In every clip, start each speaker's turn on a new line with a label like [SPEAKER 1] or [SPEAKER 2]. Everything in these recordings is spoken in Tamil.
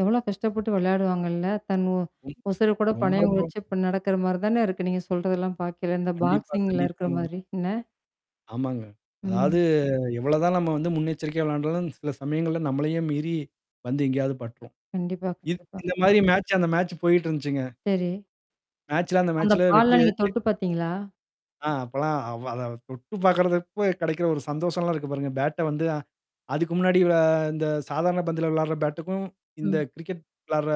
[SPEAKER 1] எவ்வளோ கஷ்டப்பட்டு விளையாடுவாங்கல்ல. தன் ஓ
[SPEAKER 2] ம்.
[SPEAKER 1] உசர கூட
[SPEAKER 2] ரொம்ப
[SPEAKER 1] பணையம்
[SPEAKER 2] ரொம்ப.
[SPEAKER 1] வச்சு இப்ப நடக்கிற மாரி தானே இருக்கு. நீங்க சொல்றதெல்லாம் பார்க்கயில. இந்த
[SPEAKER 2] கண்டிப்பா
[SPEAKER 1] பாக்ஸிங்ல இருக்கிற
[SPEAKER 2] கண்டிப்பாங்க.
[SPEAKER 1] மாரி என்ன?
[SPEAKER 2] ஆமாங்க. அதாவது
[SPEAKER 1] ம்.
[SPEAKER 2] எவ்வளோதான் நம்ம வந்து முன்னெச்சரிக்கையா விளையாண்டாலும் சில சமயங்கள்ல நம்மளையே மீறி வந்து எங்கேயாவது பட்ரும்.
[SPEAKER 1] கண்டிப்பா
[SPEAKER 2] இது
[SPEAKER 1] கண்டிப்பா.
[SPEAKER 2] இந்த மாதிரி மேட்ச் அந்த மேட்ச் போயிட்டு இருந்துச்சுங்க.
[SPEAKER 1] சரி.
[SPEAKER 2] மேட்சல அந்த
[SPEAKER 1] அந்த
[SPEAKER 2] மேட்சல
[SPEAKER 1] பால்
[SPEAKER 2] வெற்றி.
[SPEAKER 1] லாம் நீங்க தொட்டு பார்த்தீங்களா?
[SPEAKER 2] ஆ அப்பலாம் அவ அத தொட்டு பார்கிறப்போ கெடைக்கிற ஒரு சந்தோஷம்லாம் இருக்கு பாருங்க. பேட்ட வந்து அ. அதுக்கு முன்னாடி விள இந்த சாதாரண பந்துல விளையாடுற பேட்டுக்கும், இந்த
[SPEAKER 1] ம்.
[SPEAKER 2] கிரிக்கெட் விளையாடுற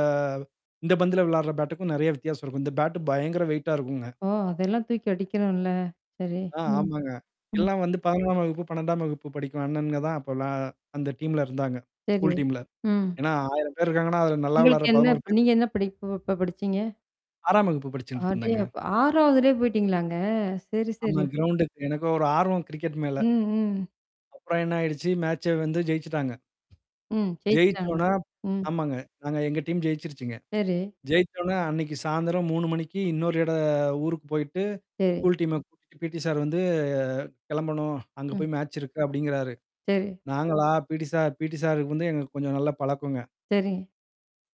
[SPEAKER 2] இந்த பந்துல விளையாடுற பேட்டுக்கும், நெறைய வித்தியாசம் இருக்கும். இந்த பேட்டு பயங்கர வெயிட்டா இருக்குங்க.
[SPEAKER 1] ஓ! அதெல்லாம் தூக்கி அடிக்கணும்ல சரி.
[SPEAKER 2] ஆ
[SPEAKER 1] ம்.
[SPEAKER 2] ஆமாங்க.
[SPEAKER 1] ம்.
[SPEAKER 2] எல்லாம் வந்து 11 ஆம் வகுப்பு, 12ம் வகுப்பு படிக்கும் அண்ணனுங்க தான் அப்போலாம் அந்த டீம்ல இருந்தாங்க.
[SPEAKER 1] சரி.
[SPEAKER 2] ஸ்கூல் டீம்ல.
[SPEAKER 1] ம்.
[SPEAKER 2] ஏன்னா 1000 பேர் இருக்காங்கன்னா, அதுல நல்லா
[SPEAKER 1] உங்களுக்கு
[SPEAKER 2] விளையாட்ற
[SPEAKER 1] என்ன
[SPEAKER 2] 11 பேர்
[SPEAKER 1] நீங்க என்ன படிப்பு அப்ப படிச்சீங்க?
[SPEAKER 2] 6ம் வகுப்பு படிச்சுட்டு இருந்தேங்க.
[SPEAKER 1] அடேயப்பா! 6 வதுலயே போயி்டீங்களாங்க. சரி
[SPEAKER 2] ஆமா
[SPEAKER 1] சரி.
[SPEAKER 2] கிரவுண்டுக்கு எனக்கும் ஒரு ஆர்வம் கிரிக்கெட் மேல
[SPEAKER 1] ம், ம்.
[SPEAKER 2] அப்புறம் என்ன ஆயிடுச்சு மேட்ச வந்து ஜெயிச்சுட்டாங்க.
[SPEAKER 1] ம். ஜெயிச்சுட்டாங்க.
[SPEAKER 2] ஜெயிச்சோனா.
[SPEAKER 1] ம்.
[SPEAKER 2] ஆமாங்க. நாங்க எங்க டீம் ஜெயிச்சிருச்சுங்க.
[SPEAKER 1] சரி.
[SPEAKER 2] ஜெயிச்ச உடனே அன்னைக்கு சாயந்திரம் 3 மணிக்கு இன்னொரு இட ஊருக்கு போயிட்டு.
[SPEAKER 1] சரி.
[SPEAKER 2] ஸ்கூல் டீம கூட்டிட்டு பிடி சார் வந்து கெளம்பணும். அங்க
[SPEAKER 1] ம்.
[SPEAKER 2] போய் மேட்ச் இருக்கு அப்டிங்கிறாரு.
[SPEAKER 1] சரி.
[SPEAKER 2] நாங்களா, பிடி சார் பிடி சாருக்கு வந்து எங்க கொஞ்சம் நல்ல பழக்கங்க.
[SPEAKER 1] சரி.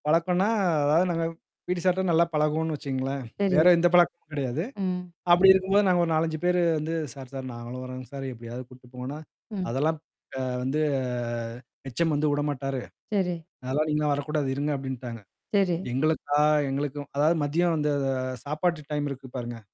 [SPEAKER 2] பழக்கம்னா, அதாவது நாங்க பி.டி சார்ட்டா நல்லா பழகுவோன்னு வச்சுக்கங்களேன்.
[SPEAKER 1] சரி.
[SPEAKER 2] வேற எந்த பழக்கமும் கெடையாது.
[SPEAKER 1] ம்.
[SPEAKER 2] அப்படி இருக்கும்போது நாங்க ஒரு 4், 5 பேரு வந்து சார் சார் நாங்களும் வரோங் சார் எப்டியாவது கூட்டு போங்கோன்னா.
[SPEAKER 1] ம்.
[SPEAKER 2] அதெல்லாம். க வந்து எச்.எம் வந்து விடமாட்டாரு.
[SPEAKER 1] சரி.
[SPEAKER 2] அதெல்லாம் நீங்க வரக்கூடாது. இருங்க அப்டின்ட்டாங்க.
[SPEAKER 1] சரி.
[SPEAKER 2] எங்களுக்கா எங்களுக்கு அதாவது மதியம் வந்து அது சாப்பாட்டு டைம் இருக்கு பாருங்க.